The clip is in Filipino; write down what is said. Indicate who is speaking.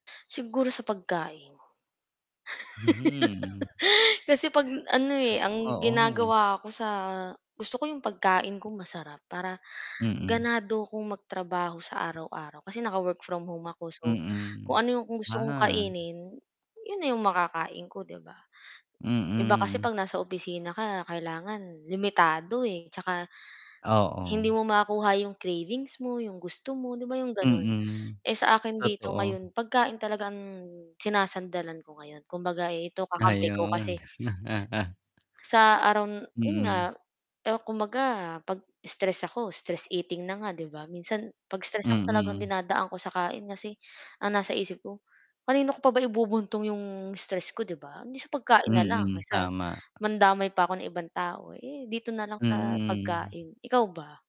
Speaker 1: Siguro sa pagkain.
Speaker 2: Hmm.
Speaker 1: Kasi 'pag ano, eh, ang
Speaker 2: Oo.
Speaker 1: ginagawa ko sa gusto ko 'yong pagkain ko masarap para
Speaker 2: Mm.
Speaker 1: ganado kong magtrabaho sa araw-araw, kasi naka-work from home ako, so,
Speaker 2: Mm,
Speaker 1: kung ano 'yong gusto kong
Speaker 2: ah.
Speaker 1: kainin, 'yon na 'yong makakain ko, 'di ba. Iba kasi
Speaker 2: Mm.
Speaker 1: 'pag nasa opisina ka, kailangan limitado, eh, 'tsaka hindi
Speaker 2: Oo.
Speaker 1: mo makuha 'yong cravings mo, 'yong gusto mo, 'di ba 'yong gano'n,
Speaker 2: Mm,
Speaker 1: eh, sa akin dito
Speaker 2: totoo.
Speaker 1: ngayon pagkain talaga ang sinasandalan ko ngayon kumbaga ito kakampi ko
Speaker 2: Ayun.
Speaker 1: kasi sa araw n 'yon nga,
Speaker 2: Mm.
Speaker 1: eh, kumbaga pag stress ako, stress eating na nga, 'di ba, minsan 'pag stress ako talagang
Speaker 2: Mm.
Speaker 1: dinadaan ko sa kain kasi ang nasa isip ko, "Kanino ko pa ba ibubuntong 'yong stress ko, 'di ba, eh di sa pagkain na lang."
Speaker 2: Mm,
Speaker 1: Kaysa
Speaker 2: tama.
Speaker 1: mandamay pa ako ng ibang tao, eh, dito na lang sa
Speaker 2: Mm.
Speaker 1: pagkain. Ikaw ba?